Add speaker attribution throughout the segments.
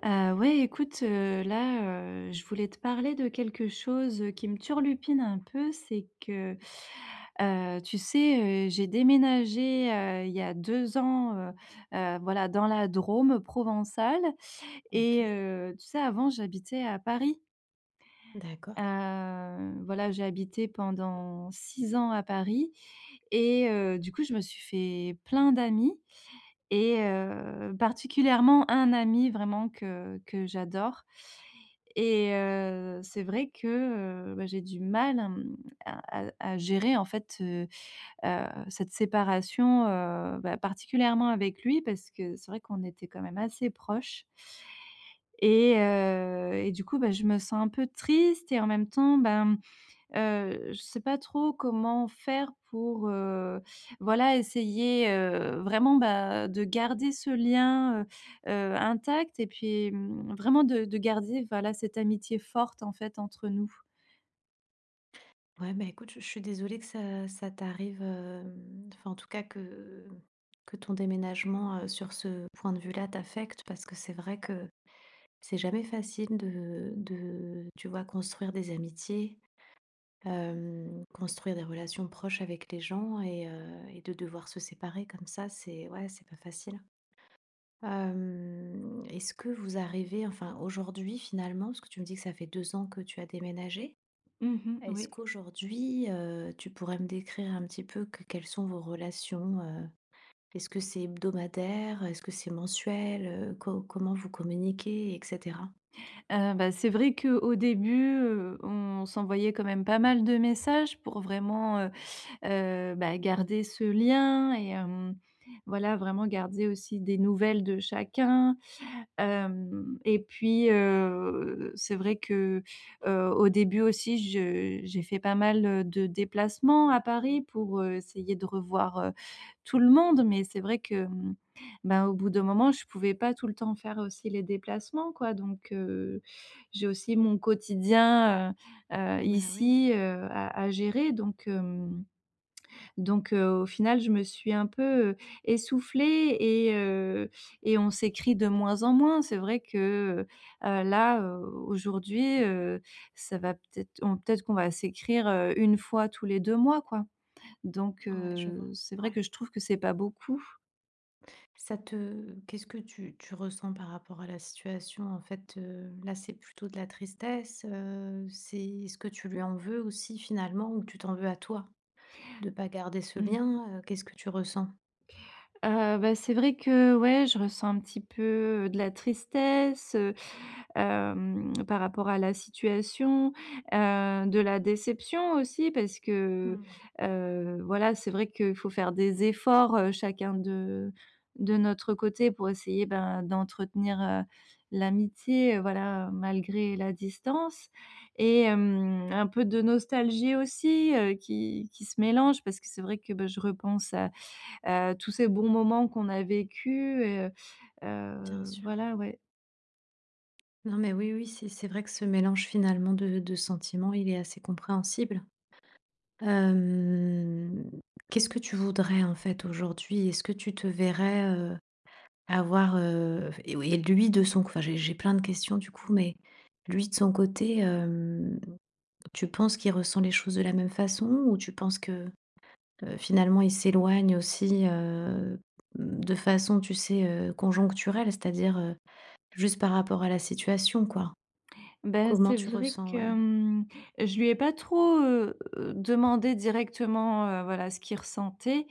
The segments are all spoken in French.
Speaker 1: Ah, ouais, écoute, heu, là, heu, je voulais te parler de quelque chose, heu, qui me turlupine un peu, c'est que, heu, tu sais, heu, j'ai déménagé, heu, il y a 2 ans, heu heu, voilà dans la Drôme provençale et
Speaker 2: Ok.
Speaker 1: heu, tu sais avant j'habitais à Paris.
Speaker 2: D'accord.
Speaker 1: Heu, voilà, j'ai habité pendant 6 ans à Paris et heu, du coup, je me suis fait plein d'amis et heu, particulièrement un ami vraiment que que j'adore et heu, c'est vrai que, heu, bah, j'ai du mal, hem, à à à gérer en fait, heu heu, cette séparation. Heu, bah, particulièrement avec lui parce c'est vrai qu'on était quand même assez proches et heu et du coup bah, je me sens un peu triste et en même temps ben, heu, je sais pas trop comment faire pour, heu, voilà essayer, heu, vraiment bah, de garder ce lien, heu heu, intact et puis, mmh, vraiment de de garder voilà cette amitié forte en fait entre nous.
Speaker 2: Ouais ben écoute, je je suis désolée que ça ça t'arrive, hem, enfin en tout cas que que ton déménagement, heu, sur ce point de vue-là, t'affecte. Parce que c'est vrai que c'est jamais facile de de tu vois? Construire des amitiés, hem, construire des relations proches avec les gens et heu et de devoir se séparer, comme ça. C'est ouais c'est pas facile, hem est-ce que vous arrivez enfin aujourd'hui finalement parce que tu me dis que ça fait 2 ans que tu as déménagé.
Speaker 1: Mmh mh,
Speaker 2: Est-ce
Speaker 1: oui.
Speaker 2: qu'aujourd'hui, heu, tu pourrais me décrire un petit peu qu quelles sont vos relations, heu, est-ce ce que c'est hebdomadaire? Est ce que c'est mensuel? Heu, co comment vous communiquez, et cetera?
Speaker 1: Heu, bah, c'est vrai qu'au début, heu, on s'envoyait quand même pas mal de messages, pour vraiment, heu heu, bah, garder ce lien et hem, voilà. Vraiment garder aussi des nouvelles de chacun, hem, et puis, heu, c'est vrai que, heu, au début aussi, je j'ai fait pas mal, heu, de déplacements à Paris pour, heu, essayer de revoir, heu, tout le monde. Mais c'est vrai que, bah, au bout d'un moment, je pouvais pas tout le temps faire aussi les déplacements, quoi. Donc heu, j'ai aussi mon quotidien, heu heu,
Speaker 2: Bah oui.
Speaker 1: ici, heu, à à gérer. Donc hem donc heu, au final je me suis un peu, heu, essoufflée et heu et on s'écrit de moins en moins. C'est vrai que, heu, là, heu, aujourd'hui, heu, ça va peut-être on peut-être qu'on va s'écrire, heu, 1 fois, tous les 2 mois, quoi donc
Speaker 2: Ouais je vois,
Speaker 1: heu, c'est vrai
Speaker 2: ouais.
Speaker 1: que je trouve que c'est pas beaucoup.
Speaker 2: Ça te qu'est-ce que tu tu ressens par rapport à la situation? En fait, heu, là, c'est plutôt de la tristesse, heu. C'est est-ce que tu lui en veux aussi, finalement? Ou tu t'en veux à toi de pas garder ce
Speaker 1: Mmh.
Speaker 2: lien? Heu, qu'est-ce que tu ressens?
Speaker 1: Heu, bah, c'est vrai que, ouais, je ressens un petit peu, heu, de la tristesse, heu hem, par rapport à la situation. Heu, de la déception aussi, parce que,
Speaker 2: Mmh.
Speaker 1: heu, voilà, c'est vrai qu'il faut faire des efforts, heu, chacun de de notre côté, pour essayer, ben, d'entretenir, heu, l'amitié, heu, voilà, malgré la distance et hem, un peu de nostalgie aussi, heu, qui qui se mélange, parce que c'est vrai que, bah, je repense à à tous ces bons moments qu'on a vécus. Heu
Speaker 2: Bien
Speaker 1: heu,
Speaker 2: sûr.
Speaker 1: voilà, ouais.
Speaker 2: Non, mais oui, oui. C'est c'est vrai que ce mélange, finalement, de de sentiments, il est assez compréhensible. Hem, qu'est-ce que tu voudrais en fait, aujourd'hui? Est-ce que tu te verrais, heu, avoir, heu, f et oui et lui de son c enfin j'ai plein de questions du coup, mais lui de son côté, hem, tu penses qu'il ressent les choses de la même façon ou tu penses que, heu, finalement, il s'éloigne aussi, heu, mmh de façon, tu sais, heu, conjoncturelle? C'est-à-dire, heu, juste par rapport à la situation, quoi.
Speaker 1: Bah,
Speaker 2: Comment
Speaker 1: c'est
Speaker 2: tu
Speaker 1: vrai
Speaker 2: ressens?
Speaker 1: que,
Speaker 2: Ouais.
Speaker 1: mmh. Je lui ai pas trop, heu, demandé directement, heu, voilà, ce qu'il ressentait,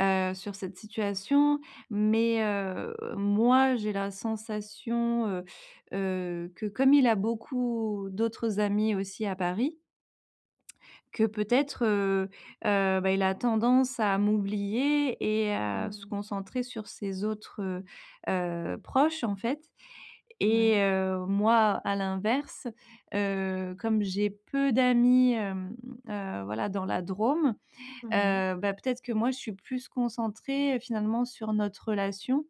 Speaker 1: heu, sur cette situation mais heu, moi, j'ai la sensation, heu heu, que comme il a beaucoup d'autres amis aussi à Paris, que peut-être, heu heu, bah, il a tendance à m'oublier et à se
Speaker 2: Mmh.
Speaker 1: concentrer sur ses autres, heu heu, proches, en fait et
Speaker 2: Ouais.
Speaker 1: heu, moi, à l'inverse, heu, comme j'ai peu d'amis, hem heu, voilà dans la Drôme.
Speaker 2: Ouais.
Speaker 1: Heu, bah, peut-être que moi, je suis plus concentrée, finalement, sur notre relation.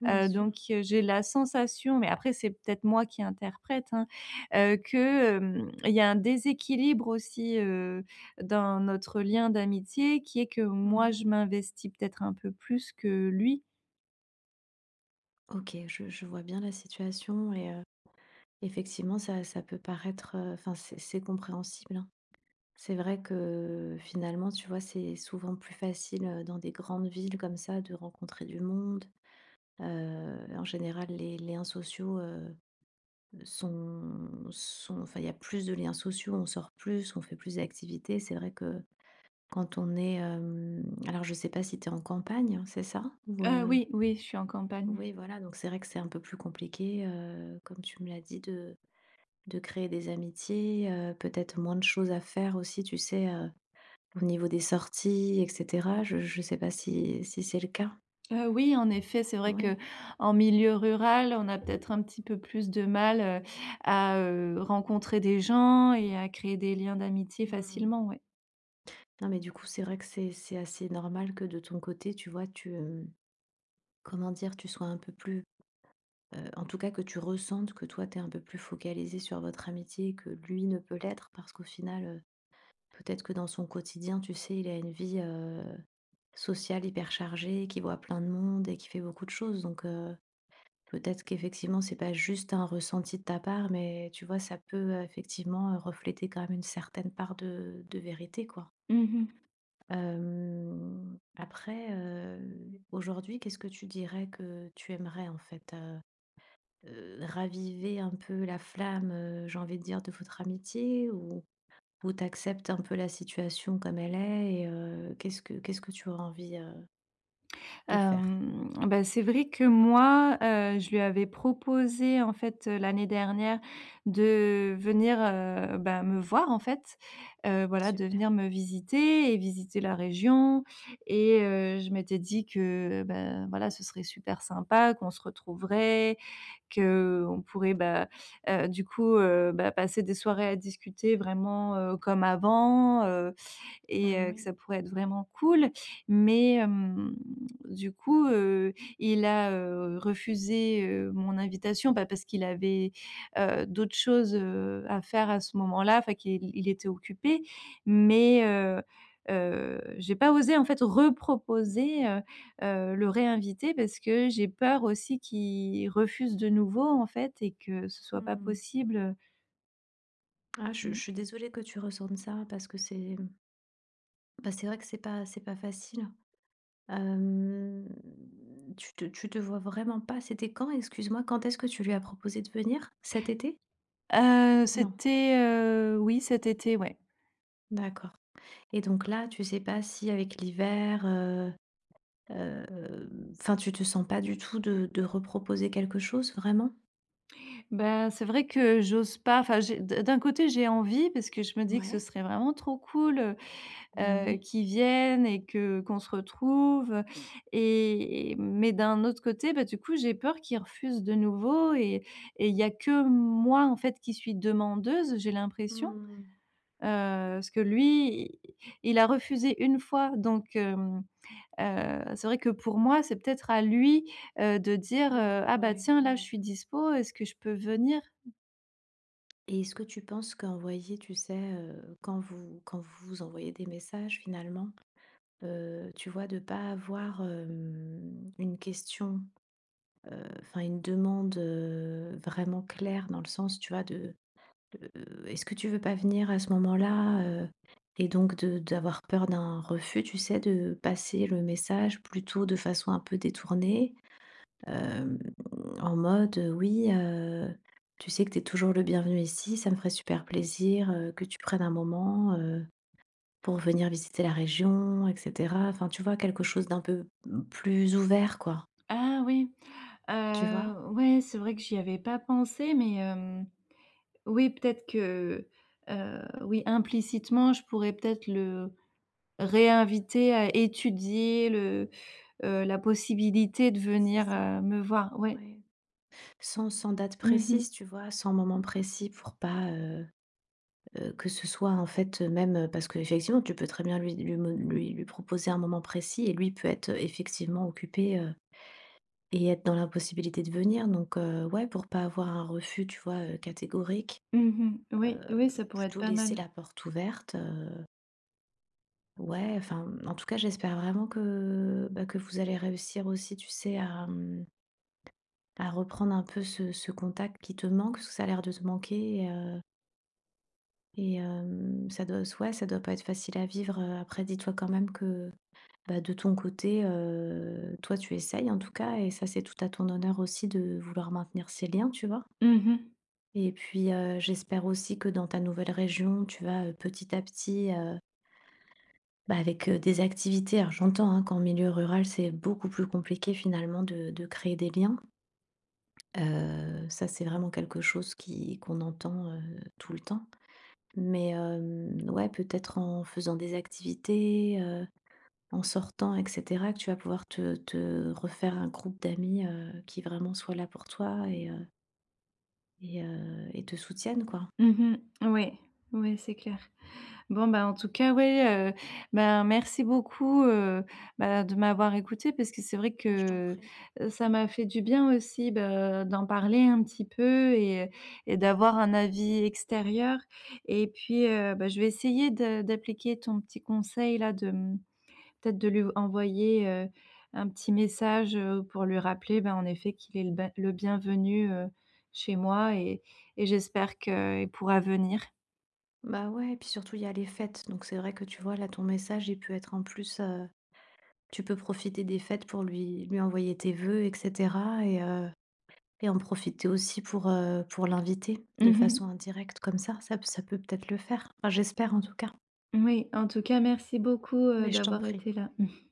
Speaker 2: Bien
Speaker 1: Heu,
Speaker 2: sûr.
Speaker 1: donc heu, j'ai la sensation- mais après, c'est peut-être moi qui interprète, hein, heu, que, hem il y a un déséquilibre aussi, heu, dans notre lien d'amitié, qui est que
Speaker 2: Mmh
Speaker 1: moi,
Speaker 2: mh.
Speaker 1: je m'investis peut-être un peu plus que lui.
Speaker 2: OK, je je vois bien la situation, et heu, effectivement ça ça peut paraître, heu, enfin, c'est c'est compréhensible, hein. C'est vrai que, finalement, tu vois, c'est souvent plus facile, heu, dans des grandes villes comme ça de rencontrer du monde. Heu, en général, les liens sociaux heu, sont sont, enfin il y a plus de liens sociaux, on sort plus, on fait plus d'activités, c'est vrai que, quand on est, hem alors je sais pas si tu es en campagne, c'est ça? Ou
Speaker 1: Ah
Speaker 2: heu
Speaker 1: oui, oui, je suis en campagne.
Speaker 2: Oui voilà, donc c'est vrai que c'est un peu plus compliqué, heu, comme tu me l'as dit de de créer des amitiés, heu, peut-être moins de choses à faire aussi, tu sais? Heu, au niveau des sorties et cetera. Je je sais pas si si c'est le cas?
Speaker 1: Heu, oui, en effet, c'est vrai
Speaker 2: Ouais.
Speaker 1: qu'en milieu rural, on a peut-être un petit peu plus de mal, heu, à, heu, rencontrer des gens et à créer des liens d'amitié
Speaker 2: Mmh mh.
Speaker 1: facilement, oui.
Speaker 2: Non, mais du coup, c'est vrai que c'est c'est assez normal que de ton côté tu vois, tu, hem, comment dire? Tu sois, un peu plus, heu, en tout cas que tu ressentes que, toi, tu es un peu plus focalisée sur votre amitié que lui ne peut l'être, parce qu'au final, heu, peut-être que dans son quotidien, tu sais, il a une vie, heu, sociale hyper chargée, qu'il voit plein de monde et qu'il fait beaucoup de choses donc heu, peut-être qu'effectivement c'est pas juste un ressenti de ta part, mais tu vois, ça peut effectivement refléter quand même une certaine part de de vérité, quoi.
Speaker 1: Mmh mh.
Speaker 2: Hem, après, heu, aujourd'hui qu'est-ce que tu dirais que tu aimerais, en fait? Heu heu, raviver un peu la flamme, heu, j'ai envie de dire, de votre amitié ou ou tu acceptes un peu la situation comme elle est, et heu, qu'est-ce que qu'est-ce que tu auras envie heu de faire?
Speaker 1: Hem, bah, c'est vrai que moi, heu, je lui avais proposé en fait, heu, l'année dernière de venir, heu, bah, me voir en fait. Heu, voilà de venir
Speaker 2: Super.
Speaker 1: me visiter et visiter la région et heu, je m'étais dit que: «Bah, voilà, ce serait super sympa, qu'on se retrouverait, qu'on pourrait, bah, heu, du coup heu, bah passer des soirées à discuter vraiment, heu, comme avant heu, et
Speaker 2: Ben,
Speaker 1: heu, que
Speaker 2: oui.
Speaker 1: ça pourrait être vraiment cool». Mais hem, du coup, heu, il a, heu, refusé, heu, mon invitation, bah, parce qu'il avait, heu, d'autres choses, heu, à faire à ce moment-là enfin qu'il il était occupé mais heu heu, j'ai pas osé en fait, reproposer, heu heu, le réinviter parce que j'ai peur aussi qu'il refuse de nouveau en fait, et que ce soit pas
Speaker 2: Mmh.
Speaker 1: possible
Speaker 2: Ah, je je
Speaker 1: Mmh.
Speaker 2: suis désolée que tu ressentes ça, parce que c'est mmh bah, c'est vrai que c'est pas c'est pas facile, hem. Tu te tu te vois vraiment pas, c'était quand? Excuse-moi, quand est-ce que tu lui as proposé de venir? Cet été?
Speaker 1: Heu,
Speaker 2: Non.
Speaker 1: c'était, heu, oui cet été, ouais.
Speaker 2: D'accord et donc, là tu sais pas si avec l'hiver, heu heu, enfin, tu te sens pas du tout de de reproposer quelque chose vraiment?
Speaker 1: Bah, c'est vrai que j'ose pas. Enfin, j'ai d'un d'un côté, j'ai envie parce que, je me dis que ce
Speaker 2: Ouais.
Speaker 1: serait vraiment trop cool, heu
Speaker 2: Bah
Speaker 1: heu,
Speaker 2: oui.
Speaker 1: qu'il vienne et que qu'on se retrouve, et mais d'un autre côté. Bah du coup, j'ai peur qu'il refuse de nouveau, et et il y a que moi en fait, qui suis demandeuse, j'ai l'impression, heu,
Speaker 2: Mmh.
Speaker 1: parce que lui il il a refusé 1 fois. Donc hem, heu, c'est vrai que pour moi, c'est peut-être à lui, heu, de dire, heu:
Speaker 2: D'heureux,
Speaker 1: «Ah bah
Speaker 2: ouais,
Speaker 1: tiens là je
Speaker 2: ouais.
Speaker 1: suis dispo, est-ce que je peux venir?»
Speaker 2: Et est-ce que tu penses qu'envoyer, tu sais, heu, quand vous quand vous vous envoyez des messages finalement, heu, tu vois? De pas avoir, hem, une question, heu, enfin une demande, heu, vraiment claire? Dans le sens, tu vois de de «Est-ce que tu veux pas venir à ce moment-là, heu?» Et donc, de d'avoir peur d'un refus, tu sais? De passer le message plutôt de façon un peu détournée, hem, en mode, heu: «Oui, heu, tu sais que tu es toujours le bienvenu ici. Ça me ferait super plaisir, heu, que tu prennes un moment, heu, pour venir visiter la région et cetera». Enfin, tu vois? Quelque chose d'un peu plus ouvert, quoi.
Speaker 1: Ah oui,
Speaker 2: Tu vois?
Speaker 1: heu, ouais, c'est vrai que j'y avais pas pensé. Mais hem, oui, peut-être que, heu, oui, implicitement, je pourrais peut-être le réinviter à étudier le, heu, la possibilité de
Speaker 2: C'est
Speaker 1: venir,
Speaker 2: ça,
Speaker 1: heu, me voir, ouais.
Speaker 2: ouais. Sans sans date
Speaker 1: Mmh
Speaker 2: précise,
Speaker 1: mh.
Speaker 2: tu vois? Sans moment précis pour pas, heu heu, que ce soit en fait, heu, même, heu, parce qu'effectivement, tu peux très bien lui lui mo lui lui proposer un moment précis et lui il peut être, heu, effectivement occupé, heu, et être dans l'impossibilité de venir. Donc, heu, ouais pour pas avoir un refus, tu vois? Heu, catégorique,
Speaker 1: Mmh mh,
Speaker 2: heu,
Speaker 1: ouais, ouais, ça pourrait être
Speaker 2: plutôt
Speaker 1: pas
Speaker 2: laisser
Speaker 1: mal.
Speaker 2: la porte ouverte, heu Ouais, enfin, en tout cas, j'espère vraiment que, bah, que vous allez réussir aussi, tu sais, à mmh à reprendre un peu ce ce contact, qui te manque. Ça, a l'air de manquer, heu et hem, ça doit soi ouais ça doit pas être facile à vivre, heu, après dis-toi quand même que bah, de ton côté, heu, toi, tu essayes en tout cas, et ça, c'est tout à ton honneur aussi de vouloir maintenir ces liens, tu vois?
Speaker 1: Mmh mh.
Speaker 2: Et puis, heu, j'espère aussi que dans ta nouvelle région, tu vas petit à petit heu bah, avec, heu, des activités alors, j'entends, hein, qu'en milieu rural, c'est beaucoup plus compliqué finalement de de créer des liens heu, ça, c'est vraiment quelque chose qui qu'on entend, heu, tout le temps. Mais, hem, ouais, peut-être en faisant des activités, heu, en sortant et cetera, que tu vas pouvoir te te refaire un groupe d'amis, heu, qui vraiment soit là pour toi et heu et heu, et te soutiennent quoi.
Speaker 1: Mmh mh. Ouais, ouais, c'est clair. Bon ben, en tout cas, ouais, heu, ben merci beaucoup, heu, bah de m'avoir écouté. Parce que c'est vrai
Speaker 2: Bah, je t'en
Speaker 1: que,
Speaker 2: prie.
Speaker 1: heu, ça m'a fait du bien aussi de d'en parler un petit peu et et d'avoir un avis extérieur et puis, heu, bah, je vais essayer de d'appliquer ton petit conseil là. De mmh peut-être de lui envoyer, heu, un petit message, heu, pour lui rappeler, bah, en effet qu'il est le ben le bienvenu, heu, chez moi et et j'espère qu'il pourra venir.
Speaker 2: Bah, ouais et puis surtout, il y a les fêtes, donc c'est vrai que tu vois là, ton message il peut être en plus, heu, tu peux profiter des fêtes pour lui lui envoyer tes voeux et cetera, et, heu, et en profiter aussi pour heu, pour l'inviter de
Speaker 1: Mmh mh.
Speaker 2: façon indirecte, comme ça, ça ça peut, peut-être le faire? Enfin, j'espère en tout cas.
Speaker 1: Oui, en tout cas merci beaucoup, heu,
Speaker 2: Mais je t'en
Speaker 1: d'avoir
Speaker 2: prie.
Speaker 1: été là.